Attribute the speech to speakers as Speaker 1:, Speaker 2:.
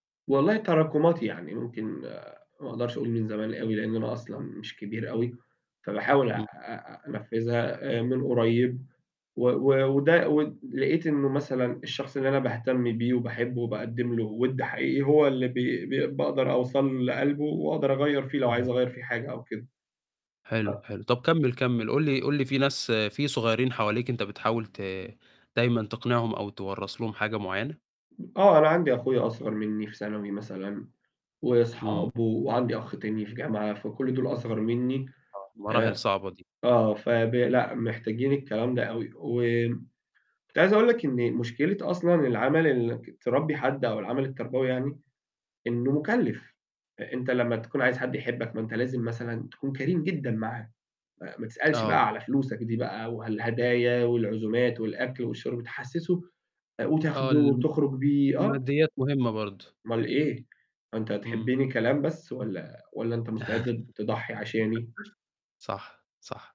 Speaker 1: والله تراكمات يعني، ممكن ما أقدرش أقول من زمان أوي، لأن أنا أصلًا مش كبير أوي، فباحاول أ
Speaker 2: امم.
Speaker 1: أ أنفذها من قريب، و و وده ود لقيت إنه مثلًا الشخص اللي أنا باهتم بيه وباحبه وباقدم له وِد حقيقي هو اللي ب ب باقدر أوصل لقلبه وأقدر أغيّر فيه لو عايز
Speaker 2: [unintelligible]
Speaker 1: أغير فيه حاجة أو كده.ف
Speaker 2: حلو حلو، طب كمل، كمل، قٌل لي قٌل لي في ناس في صغيرين حواليك أنت بتحاول ت دايمًا تقنعهم أو توَّرث لهم حاجة معينة؟
Speaker 1: آه أنا عندي أخويا أصغر مني في ثانوي مثلًا،
Speaker 2: إمم.
Speaker 1: وصحابه، وعندي أخ تاني في جامعة، فكل دول أصغر مني
Speaker 2: آه، مراحل
Speaker 1: آآ،
Speaker 2: صعبة دي.
Speaker 1: آه فب لأ، محتاجين الكلام ده أوي، و كنت عايز أقول لك إن مشكلة أصلًا العمل ال إنك تربي حد أو العمل التربوي يعني، إنه مكلف. أنت لما تكون عايز حد يحبك ما أنت لازم مثلًا تكون كريم جدًا معاه، م ما تسألش
Speaker 2: آه.
Speaker 1: بقى على فلوسك دي بقى والهدايا والعزومات والأكل والشرب تحسسه
Speaker 2: آه
Speaker 1: وتاخده
Speaker 2: ال
Speaker 1: وتخرج بيه، آه.
Speaker 2: الماديات مهمة برضه.
Speaker 1: أومال إيه؟ هو أنت
Speaker 2: إمم.
Speaker 1: هتحبني كلام بس والّا والّا أنت مستعد ت تضحي عشاني؟
Speaker 2: صح، صح.